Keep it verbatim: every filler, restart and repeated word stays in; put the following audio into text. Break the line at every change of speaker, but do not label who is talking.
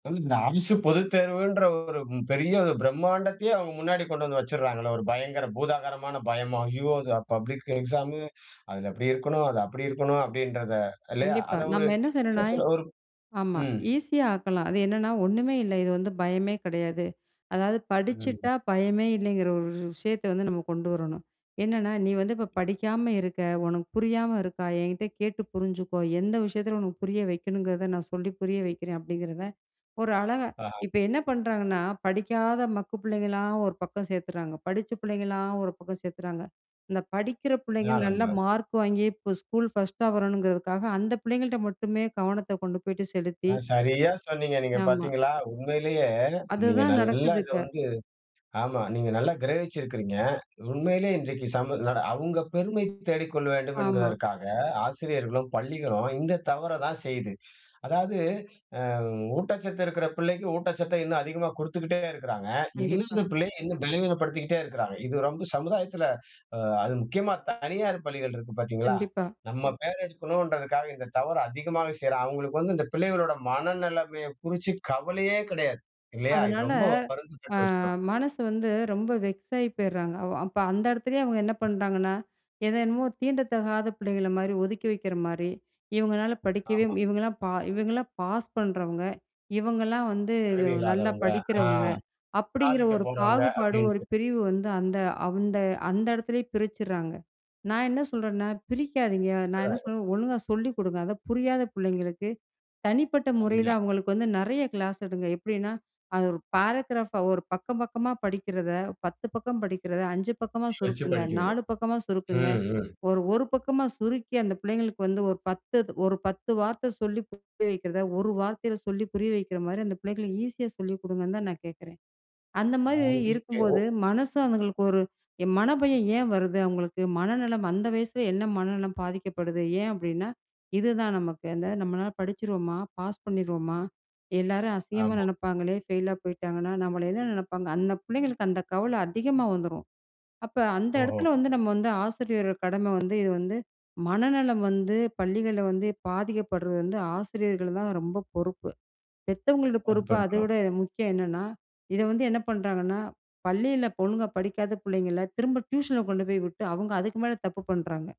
இந்த அரசு பொதுத்தேர்வுன்ற ஒரு பெரிய ஒரு பிரம்மாண்டத்தையே அவங்க முன்னாடி கொண்டு வந்து வச்சுடுறாங்கல்ல ஒரு பயங்கர பூதாகரமான பயம். "ஐயோ! இது பப்ளிக் எக்ஸாம் அதில் அப்படி இருக்கணும் அது அப்படி இருக்கணும்." அப்படின்றத இல்லையா?
கண்டிப்பா
அத ஒரு
நம்ம என்ன
என்ன
செய்யணும்னா
சொல்ல, ஒரு
ஆமா
ம்.
ஈஸியா ஆக்கலாம். அது என்னன்னா ஒன்னுமே இல்ல இது வந்து பயமே கிடையாது. அதாவது படிச்சிட்டா
ம்.
பயமே இல்லைங்கிற ஒரு விஷயத்த வந்து நம்ம கொண்டு வரணும். என்னன்னா "நீ வந்து இப்ப படிக்காம இருக்க. உனக்கு புரியாம இருக்கா என்கிட்ட கேட்டு புரிஞ்சுக்கோ, எந்த விஷயத்தில உனக்கு புரிய வைக்கணுங்கிறத நான் சொல்லி புரிய வைக்கிறேன்." அப்படிங்கிறத ஒரு அழகா
ஆ.
இப்ப என்ன பண்ணுறாங்கன்னா படிக்காத மக்கு பிள்ளைங்களலாம் ஒரு பக்கம் சேர்த்துடுறாங்க. படித்த பிள்ளைங்களலாம் ஒரு பக்கம் சேர்த்துறாங்க. இந்த படிக்கிற பிள்ளைங்க
இதெல்லா
நல்லா
ரொம்ப.
மார்க் வாங்கி இப்போ ஸ்கூல் ஃபர்ஸ்ட்டா வரணுங்கிறதுக்காக அந்த பிள்ளைங்கள்ட்ட மட்டுமே கவனத்தை கொண்டு போய்ட்டு செலுத்தி
சரியா சொன்னீங்க. நீங்க
ஆமா.
பார்த்தீங்களா? உண்மையிலேயே நீங்க
அதுதான்
நல்லா
நடக்குது
இத
இப்ப.
வந்து ஆமா நீங்க நல்லா கிரகிச்சு இருக்கறீங்க. உண்மையிலேயே இன்றைக்கு சமூ அவங்க பெருமை தேடிக் கொள்ள வேண்டும்
ஆமா.
என்பதற்காக ஆசிரியர்களும், பள்ளிகளும் இந்த தவற தான் செய்து. அதாவது அ ஊட்டச்சத்து இருக்கிற பிள்ளைக்கு ஊட்டச்சத்த இன்னும் அதிகமா குடுத்துக்கிட்டே இருக்கறாங்க.
கண்டிப்பா.
இல்லாத பிள்ளையை இன்னும் பலவீனப்படுத்திகிட்டே இருக்கிறாங்க இது ரொம்ப சமுதாயத்தில, அது முக்கியமா தனியார் பள்ளிகள் இருக்கு பார்த்தீங்களா,
கண்டிப்பா.
நம்ம பேர் எடுக்கணுன்றதுக்காக இந்த தவறு அதிகமாக செய்றாங்க. அவங்களுக்கு வந்து இந்த பிள்ளைகளோட மனநிலைமையை குறிச்சு கவலையே கிடையாது. இல்லையா? இது
அதனால
ரொம்ப வருந்தத்தக்க
அ
விஷயம்.
மனசு வந்து ரொம்ப வெக்ஸ் ஆகி போயிட்றாங்க. அவ அப்போ அந்த இடத்துலேயே அவங்க என்ன பண்ணுறாங்கன்னா எதென்னமோ தீண்ட தகாத பிள்ளைங்கள மாதிரி ஒதுக்கி வைக்கிற மாதிரி இவங்களால படிக்கவே,
ஆமா.
இவங்கலாம் பா இவங்களலாம் பாஸ் பண்ணுறவங்க. இவங்கலாம் வந்து
திறமை
நல்லா
இல்லாதவங்க அ
படிக்கிறவங்க அப்படிங்கிற
சாதிக்க
ஒரு
போறவங்க
பாகுபாடு ஒரு
அப்படின்ட்டு.
பிரிவு வந்து அந்த அந்த அந்த இடத்திலேயே பிரிச்சிட்றாங்க. நான் என்ன சொல்றேன்னா பிரிக்காத நான் என்ன
அத.
சொல்லணும். ஒழுங்கா சொல்லிக் குடுங்க அதை புரியாத பிள்ளைங்களுக்கு தனிப்பட்ட முறையில
அம்யா
அவங்களுக்கு வந்து நிறைய கிளாஸ் எடுங்க. எப்படின்னா அது ஒரு பாராகிராப் ஒரு பக்கம் பக்கமா படிக்கிறத பத்து பக்கம் படிக்கிறத அஞ்சு பக்கமா
வச்சு
சுருக்குங்க. நாலு
படிக்கவைக்கறாங்க.
பக்கமா சுருக்குங்க.
ம். ம்.
ஒரு ஒரு பக்கமா சுருக்கி அந்த பிள்ளைங்களுக்கு வந்து ஒரு பத்து ஒரு பத்து வார்த்தை சொல்லி புரிய வைக்கிறத ஒரு வார்த்தையில சொல்லி புரிய வைக்கிற மாதிரி அந்த பிள்ளைகளுக்கு ஈஸியா சொல்லி கொடுங்கன்னு தான் நான் கேட்குறேன். அந்த மாதிரி இருக்கும்போது
வாங்கிக்கணும்.
மனசு அவங்களுக்கு ஒரு மனபயம் ஏன் வருது? அவங்களுக்கு மனநலம் அந்த வயசில என்ன மனநலம் பாதிக்கப்படுது? ஏன் அப்படின்னா இதுதான் நமக்கு அந்த "நம்மளால படிச்சிடுவோமா பாஸ் பண்ணிருவோமா எல்லாரும் அசிங்கமா
ஆமா.
நினைப்பாங்களே ஃபெயிலா போய்ட்டாங்கன்னா நம்மள என்ன நினைப்பாங்க." அந்த பிள்ளைங்களுக்கு அந்த கவல அதிகமா வந்துரும் அப்போ அந்த
ஓஹோ!
இடத்துல வந்து நம்ம வந்து ஆசிரியர் கடமை வந்து இது வந்து மனநலம் வந்து பள்ளிகள்ல வந்து பாதிக்கப்படுறது வந்து ஆசிரியர்கள் தான் ரொம்ப பொறுப்பு. பெத்தவங்களோட பொறுப்பு அதை
பொருப்பெடுக்கணும்.
விட முக்கியம். என்னன்னா இதை வந்து என்ன பண்ணுறாங்கன்னா பள்ளியில பொண்ணுங்க படிக்காத பிள்ளைங்கள திரும்ப டியூஷன்ல கொண்டு போய் விட்டு அவங்க அதுக்கு மேல தப்பு பண்றாங்க.